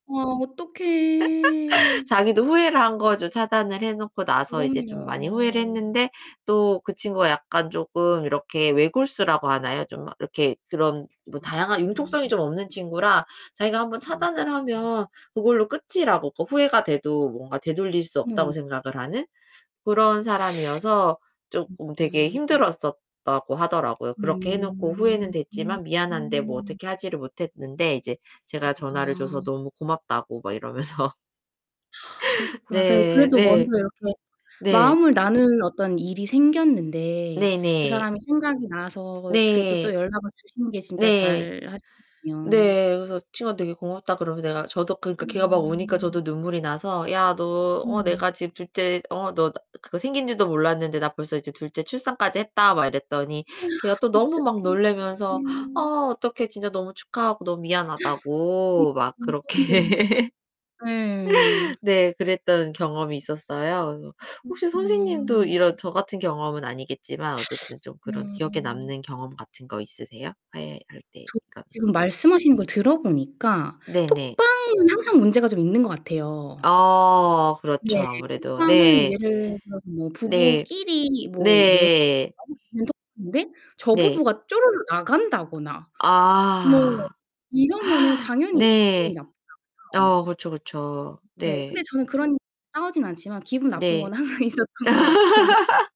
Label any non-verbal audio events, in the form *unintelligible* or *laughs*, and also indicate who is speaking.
Speaker 1: 아 어떡해.
Speaker 2: *laughs* 자기도 후회를 한 거죠. 차단을 해 놓고 나서 이제 좀 많이 후회를
Speaker 1: 그럼요.
Speaker 2: 했는데 또 그 친구가 약간 쪼금 이렇게 외골수라고 하나요? 좀 이렇게 그런 뭐 다양한 융통성이
Speaker 1: 음.
Speaker 2: 좀 없는 친구라 자기가 1 번
Speaker 1: 아.
Speaker 2: 차단을
Speaker 1: *unintelligible*
Speaker 2: 하면 그걸로 끝이라고 더 후회가 돼도 뭔가 되돌릴 수 없다고
Speaker 1: 음.
Speaker 2: 생각을 하는 그런 사람이어서
Speaker 1: 음
Speaker 2: 쪼끔 되게
Speaker 1: 음.
Speaker 2: 힘들었었다고 하더라고요.
Speaker 1: 음
Speaker 2: 그렇게 해 놓고 후회는
Speaker 1: 음
Speaker 2: 됐지만 미안한데 뭐
Speaker 1: 음.
Speaker 2: 어떻게 하지를 못했는데 이제 제가 전화를 줘서
Speaker 1: 아.
Speaker 2: 너무 고맙다고 막 이러면서.
Speaker 1: *sighs* 그러셨구나. 그래
Speaker 2: 네.
Speaker 1: 그래도 먼저
Speaker 2: 네.
Speaker 1: 이렇게
Speaker 2: 네.
Speaker 1: 마음을 나눌 어떤 일이 생겼는데 그
Speaker 2: 네네.
Speaker 1: 사람이 생각이 나서 그래도
Speaker 2: 네.
Speaker 1: 또 연락을 주신 게 진짜
Speaker 2: 네.
Speaker 1: 잘하셨군요.
Speaker 2: 네. 그래서 친구가 되게 고맙다 그러면 내가 저도 그러니까 걔가 막 우니까
Speaker 1: 음.
Speaker 2: 저도 눈물이 나서 "야, 너 어
Speaker 1: 음.
Speaker 2: 내가 지금 둘째 어 너 나 그거 생긴 줄도 몰랐는데 나 벌써 이제 둘째 출산까지 했다." 막 이랬더니 걔가 또
Speaker 1: *sighs*
Speaker 2: 너무 막
Speaker 1: 어떡해
Speaker 2: 놀라면서 "아
Speaker 1: 음.
Speaker 2: 어떡해. 진짜 너무 축하하고 너무
Speaker 1: *gasps* 음
Speaker 2: 미안하다."고 막
Speaker 1: 너무
Speaker 2: 그렇게.
Speaker 1: 소름 돋는다.
Speaker 2: *laughs*
Speaker 1: 예.
Speaker 2: 네. 그랬던 경험이 있었어요. 그 혹시 선생님도
Speaker 1: 그렇구나.
Speaker 2: 이런 저 같은 경험은 아니겠지만 어쨌든 좀 그런 기억에
Speaker 1: 네.
Speaker 2: 남는 경험 같은 거 있으세요, 화해할 때
Speaker 1: 저
Speaker 2: 이런?
Speaker 1: 지금 말씀하시는 걸 들어보니까
Speaker 2: 네 네.
Speaker 1: 톡방은 항상 문제가 좀 있는 것 같아요.
Speaker 2: 어 그렇죠,
Speaker 1: 네.
Speaker 2: 아무래도.
Speaker 1: 톡방은
Speaker 2: 네.
Speaker 1: 예를 들어서 뭐
Speaker 2: 네.
Speaker 1: 부부끼리 뭐 내
Speaker 2: 네.
Speaker 1: 나올 수 있는 톡인데 저
Speaker 2: 네.
Speaker 1: 부부가 쪼르르 나간다거나 뭐
Speaker 2: 아.
Speaker 1: 이러면은
Speaker 2: *gasps*
Speaker 1: 당연히 기분이
Speaker 2: 네.
Speaker 1: 나쁘잖아요.
Speaker 2: 아 그쵸, 그쵸.
Speaker 1: 네
Speaker 2: 네.
Speaker 1: 근데 저는 그런 일로 싸우진 않지만 기분 나쁜
Speaker 2: 네.
Speaker 1: 건 항상 있었던 것 같고
Speaker 2: *laughs*